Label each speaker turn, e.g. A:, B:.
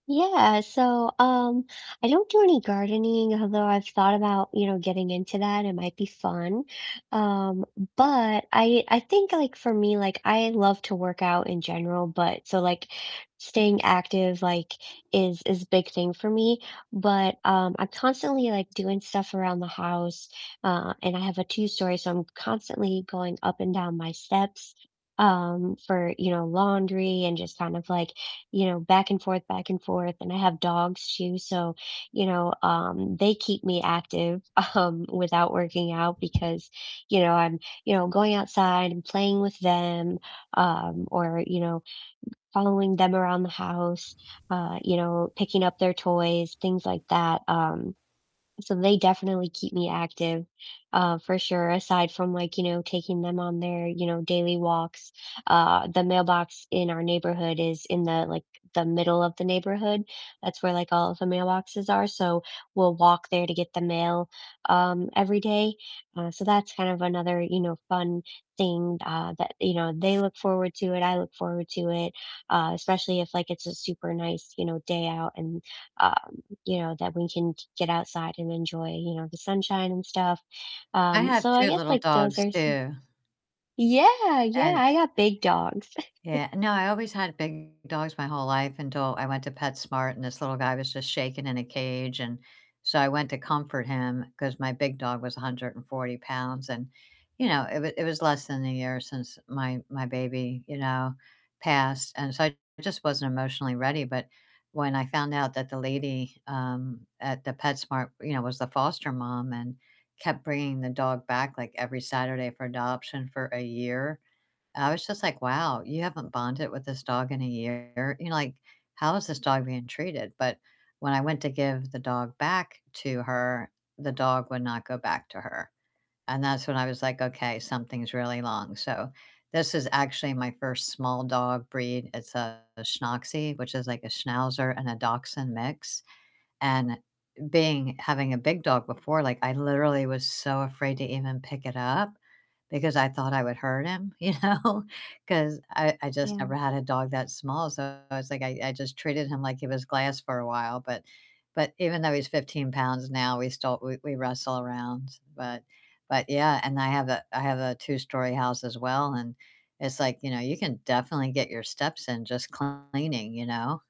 A: Yeah, so, um, I don't do any gardening, although I've thought about, you know, getting into that, it might be fun. Um, but I I think, like, for me, like, I love to work out in general, but so, like, staying active, like, is is big thing for me. But, um, I'm constantly, like, doing stuff around the house, uh, and I have a two-story, so I'm constantly going up and down my steps, um, for, you know, laundry and just kind of, like, you know, back and forth, back and forth. And I have dogs, too, so, you know, um, they keep me active, um, without working out because, you know, I'm, you know, going outside and playing with them, um, or, you know, following them around the house, uh, you know, picking up their toys, things like that. Um, so they definitely keep me active, uh, for sure, aside from, like, you know, taking them on their, you know, daily walks. Uh, the mailbox in our neighborhood is in the, like the middle of the neighborhood. That's where, like, all of the mailboxes are, so we'll walk there to get the mail, um, every day. Uh, so that's kind of another, you know, fun thing, uh, that, you know, they look forward to it, I look forward to it, uh, especially if, like, it's a super nice, you know, day out and, um, you know, that we can g get outside and enjoy, you know, the sunshine and stuff.
B: I
A: Um,
B: have
A: so I
B: 2
A: guess,
B: little
A: like, those
B: dogs,
A: are some
B: too.
A: Yeah, yeah,
B: And
A: I got big dogs.
B: Yeah, no, I always had big dogs my whole life until I went to PetSmart and this little guy was just shaking in a cage, and so I went to comfort him 'cause my big dog was 140 pounds and, you know, it w it was less than a year since my my baby, you know, passed, and so I just wasn't emotionally ready, but when I found out that the lady, um, at the PetSmart, you know, was the foster mom and kept bringing the dog back, like, every Saturday for adoption for a year, I was just like, "Wow, you haven't bonded with this dog in a year? You know, like, how is this dog being treated?" But when I went to give the dog back to her, the dog would not go back to her. And that's when I was like, "Okay, something's really long," so this is actually my first small dog breed. It's a Schnoxie, which is like a Schnauzer and a Dachshund mix. And being having a big dog before, like, I literally was so afraid to even pick it up because I thought I would hurt him, you know? 'Cause I I just never
A: Yeah.
B: had a dog that small, so I was like I I just treated him like he was glass for a while. But but even though he's 15 pounds now, we still we we wrestle around. But but, yeah, and I have a I have a two-story house as well, and it's like, you know, you can definitely get your steps in just cleaning, you know?